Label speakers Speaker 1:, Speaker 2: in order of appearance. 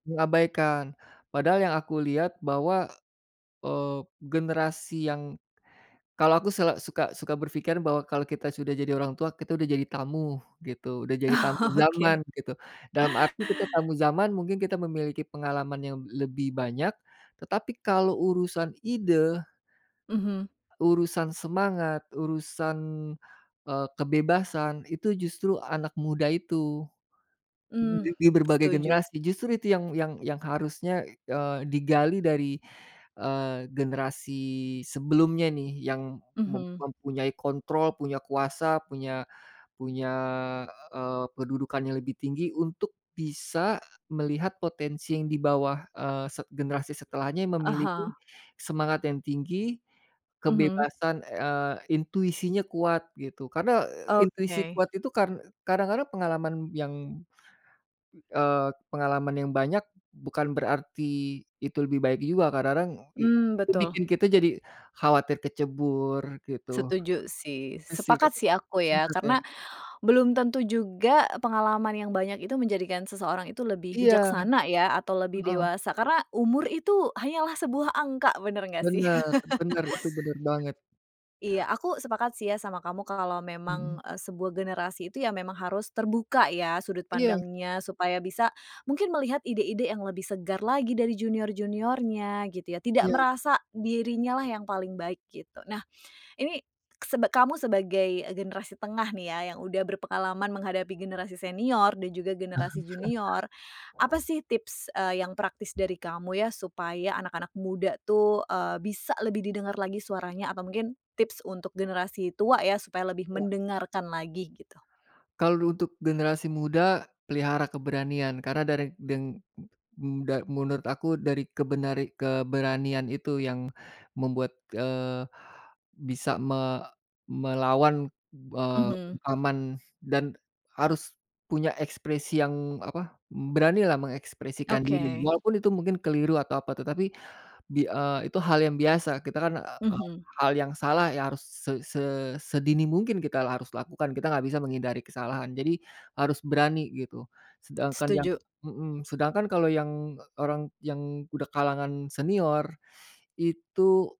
Speaker 1: Mengabaikan, padahal yang aku lihat bahwa, eee, generasi yang kalau aku sel suka suka berpikiran bahwa kalau kita sudah jadi orang tua, kita udah jadi tamu gitu, udah jadi tamu
Speaker 2: Oh, oke.
Speaker 1: zaman gitu. Dalam arti kita tamu zaman mungkin kita memiliki pengalaman yang lebih banyak, tetapi kalau urusan ide
Speaker 2: Mhm.
Speaker 1: urusan semangat, urusan, eee, kebebasan, itu justru anak muda itu
Speaker 2: Hmm,
Speaker 1: [unintelligible] berbagai
Speaker 2: setuju.
Speaker 1: generasi. Justru itu yang yang yang harusnya, e eee, digali dari, eee, generasi sebelumnya nih, yang mem
Speaker 2: Mhm.
Speaker 1: mempunyai kontrol, punya kuasa, punya punya, eee, kedudukan yang lebih tinggi untuk bisa melihat potensi yang di bawah, eee, se generasi setelahnya yang
Speaker 2: Ah
Speaker 1: memiliki
Speaker 2: hah.
Speaker 1: semangat yang tinggi,
Speaker 2: Mhm.
Speaker 1: kebebasan, eee, intuisinya kuat, gitu. Karena, eee, intuisi
Speaker 2: Oke.
Speaker 1: kuat itu kar kadang-kadang pengalaman yang eee, pengalaman yang banyak, bukan berarti itu lebih baik juga, kadang-kadang i
Speaker 2: Mmm,
Speaker 1: itu
Speaker 2: betul.
Speaker 1: bikin kita jadi khawatir kecebur, gitu.
Speaker 2: Setuju sih,
Speaker 1: Itu, sih, Kak,
Speaker 2: sepakat sih aku ya,
Speaker 1: sebenarnya
Speaker 2: karena belum tentu juga pengalaman yang banyak itu menjadikan seseorang itu lebih
Speaker 1: Iya.
Speaker 2: bijaksana ya, atau lebih
Speaker 1: Heeh.
Speaker 2: dewasa, karena umur itu hanyalah sebuah angka, bener nggak sih?
Speaker 1: Benar benar, itu bener banget.
Speaker 2: Iya, aku sepakat sih ya sama kamu kalau memang,
Speaker 1: Mhm.
Speaker 2: e sebuah generasi itu ya memang harus terbuka ya sudut
Speaker 1: Iya.
Speaker 2: pandangnya, supaya bisa mungkin melihat ide-ide yang lebih segar lagi dari junior-juniornya, gitu ya. Tidak
Speaker 1: Iya.
Speaker 2: merasa dirinya lah yang paling baik, gitu. Nah, ini seb kamu sebagai generasi tengah nih ya, yang udah berpengalaman menghadapi generasi senior dan juga generasi junior, apa sih tips, eee, yang praktis dari kamu ya, supaya anak-anak muda tuh, eee, bisa lebih didengar lagi suaranya? Atau mungkin tips untuk generasi tua ya, supaya lebih
Speaker 1: Iya.
Speaker 2: mendengarkan lagi, gitu?
Speaker 1: Kalau untuk generasi muda, pelihara keberanian karena dari deng m muda menurut aku dari kebenari keberanian itu yang membuat, eee, bisa me melawan, eee,
Speaker 2: Mhm.
Speaker 1: bungkaman dan harus punya ekspresi yang, apa, beranilah mengekspresikan diri
Speaker 2: Oke.
Speaker 1: walaupun itu mungkin keliru atau apa tetapi, bi eee, itu hal yang biasa, kita kan, e
Speaker 2: Mhm.
Speaker 1: hal yang salah yang harus se se sedini mungkin kita la harus lakukan, kita nggak bisa menghindari kesalahan. Jadi, harus berani gitu, sedangkan yang
Speaker 2: Setuju.
Speaker 1: mhm, sedangkan kalau yang e orang yang udah kalangan senior itu